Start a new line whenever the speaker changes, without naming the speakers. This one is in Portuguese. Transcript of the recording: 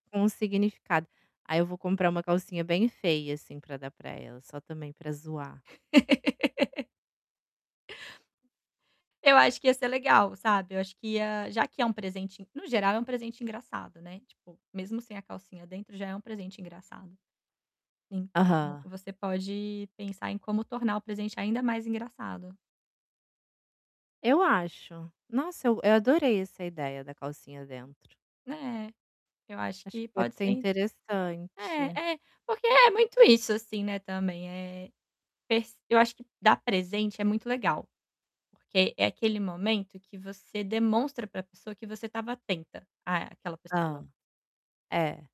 Um significado ai eu vou comprar uma calcinha bem feia, assim, para dar para ela, só também para zoar.
Eu acho que ia ser legal, sabe, eu acho que ia já que é um presente, no geral é um presente engraçado, né, tipo, mesmo sem a calcinha dentro já é um presente engraçado. Então,
Aham.
você pode pensar em como tornar o presente, ainda, mais engraçado.
Eu acho, nossa, eu eu adorei essa ideia da calcinha dentro.
É, eu acho
Acho que
que
pode
pode
ser
ser
interessante.
é é, porque é muito isso, assim, né, também é pes eu acho que dar presente é muito legal, porque é aquele momento que você demonstra para a pessoa, que você estava atenta àquela
Hã,
pessoa.
é.